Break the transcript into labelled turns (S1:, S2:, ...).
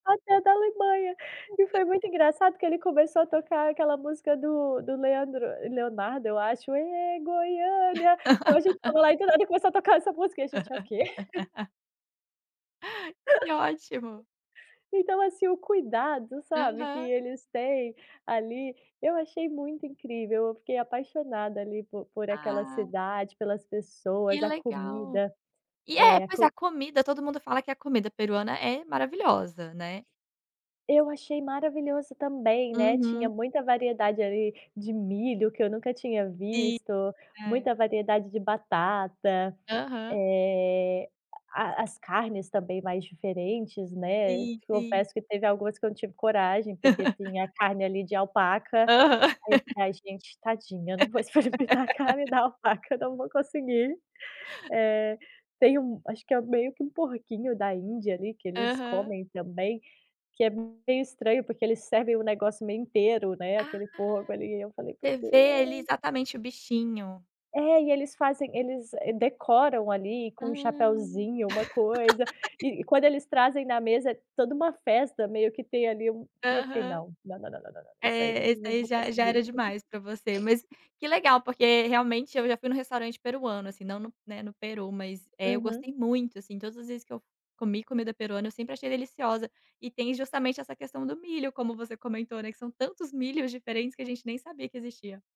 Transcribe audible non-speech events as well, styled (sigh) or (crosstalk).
S1: Até da Alemanha. E
S2: Então
S1: foi muito engraçado que ele começou a tocar aquela música do do Leandro Leonardo, eu acho: "Ê, Goiânia". Então a gente estava lá e do
S2: (laughs)
S1: nada começou a tocar essa música. E a gente: “É o quê?”. (chuckles)
S2: (laughs) Que ótimo.
S1: Então assim, o cuidado, sabe, que
S2: Aham.
S1: eles têm ali, eu achei muito incrível, eu fiquei apaixonada, ali, por por aquela
S2: Ah.
S1: cidade, pelas
S2: Que
S1: pessoas, a
S2: legal.
S1: comida.
S2: E é,
S1: Eh, a
S2: pois é, a
S1: co
S2: comida, todo mundo fala que a comida peruana é maravilhosa, né.
S1: Eu achei maravilhoso também, né. Tinha
S2: Uhum.
S1: muita variedade, ali, de milho, que eu nunca tinha
S2: Sim.
S1: visto.
S2: É.
S1: Muita variedade de batata.
S2: Aham.
S1: Eh, a a as carnes também, mais diferentes, né.
S2: Sim,
S1: Te
S2: sim.
S1: confesso que teve algumas que eu não tive coragem, porque tem a
S2: (laughs)
S1: carne, ali, de alpaca.
S2: Aham.
S1: Aí
S2: (laughs)
S1: tá, a gente: “Tadinha, eu não vou experimentar a carne da
S2: (laughs)
S1: alpaca. Não vou conseguir”. Eh, tem um acho que é meio que um porquinho-da-índia, ali, que eles
S2: Aham.
S1: comem também, que é meio estranho, porque eles servem o negócio meio inteiro, né,
S2: Ah!
S1: aquele porco, ali, e eu falei: “Meu
S2: Você vê ali,
S1: Deus”.
S2: exatamente o bichinho.
S1: É, e eles fazem eles, decoram ali, com um
S2: Hum.
S1: chapeuzinho, uma coisa.
S2: (laughs)
S1: E e quando eles trazem na mesa, toda uma festa meio que tem ali um e eu fiquei:
S2: Aham.
S1: “Não, não, não, não, não, não. Isso aí não
S2: É, esse
S1: não
S2: aí
S1: vou
S2: já já
S1: conseguir”.
S2: era demais pra você. Mas
S1: (chuckles)
S2: que legal, porque realmente, eu já fui num restaurante peruano, assim, não no, né, no Peru, mas, eh, eu
S1: Uhum.
S2: gostei muito, assim. Todas as vezes que eu f comi comida peruana, eu sempre achei deliciosa. E tem, justamente, essa questão do milho, como você comentou, né, que são tantos milhos diferentes que a gente nem sabia que existia.